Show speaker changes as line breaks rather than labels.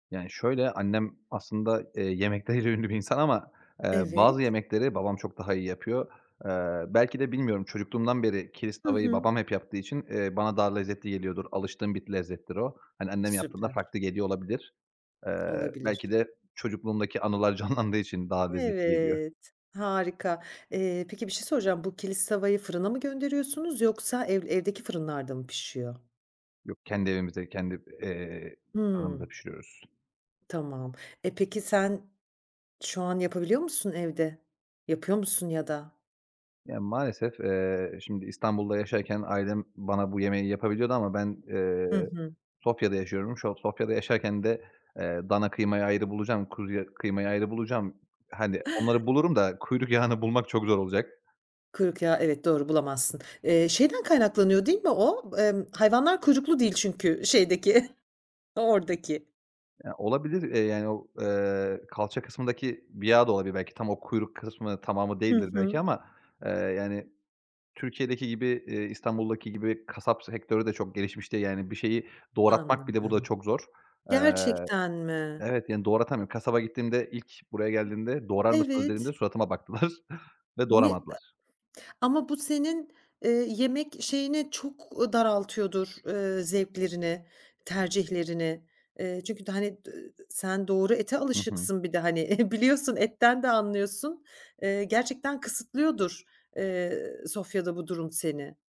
Yani şöyle, annem aslında, eee, yemekleriyle ünlü bir insan ama, eee, bazı
Evet.
yemekleri babam çok daha iyi yapıyor. Eee, belki de bilmiyorum, çocukluğumdan beri Kilis
Hı
tava’yı
hı.
babam hep yaptığı için, eee, bana daha lezzetli geliyordur, alıştığım bir lezzettir o. Hani annem yaptığında
Süper.
farklı geliyor olabilir. Eee,
Olabilir.
belki de çocukluğumdaki anılar canlandığı için daha lezzetli geliyor.
Evet. Harika. Eee, peki bir şey soracağım. Bu Kilis tavayı fırına mı gönderiyorsunuz yoksa ev evdeki fırınlarda mı pişiyor?
Yok, kendi evimizde, kendi, eee, fırınımızda
Hımm.
pişiriyoruz.
Tamam. Eee, peki sen şu an yapabiliyor musun evde? Yapıyor musun ya da?
Ya maalesef, eee, şimdi İstanbul'da yaşarken ailem bana bu yemeği yapabiliyordu ama ben,
Hı
eee,
hı.
Sofya'da yaşıyorum. Şu an Sofya'da yaşarken de, eee, dana kıymayı ayrı bulacağım, kuzuya kıymayı ayrı bulacağım. Hani onları bulurum da kuyruk yağını bulmak çok zor olacak.
Kuyruk yağı evet, doğru, bulamazsın. Eee, şeyden kaynaklanıyor, değil mi o? Emm, hayvanlar kuyruklu değil çünkü şeydeki oradaki.
Ya olabilir, eee, yani o eee, kalça kısmındaki bir yağ da olabilir belki, tam o kuyruk kısmı, tamamı
Hı
değildir belki
hı.
ama, eee, yani Türkiye'deki gibi, eee, İstanbul’daki gibi, kasap sektörü de çok gelişmiş değil yani. Bir şeyi doğratmak bir de burada
Anladım.
çok zor. Eee
Gerçekten mi?
Evet, yani doğratamıyorum. Kasaba gittiğimde ilk buraya geldiğimde "Doğrar mısınız?" dediğimde
Evet.
suratıma baktılar ve
Ne eee
doğramadılar.
Ama bu senin, eee, yemek şeyini çok, u daraltıyordur, eee, zevklerini, tercihlerini, eee, çünkü hani d sen doğru ete
Hı hı.
alışıksın bir de hani biliyorsun etten de anlıyorsun. Eee, gerçekten kısıtlıyordur, eee, Sofya'da bu durum seni.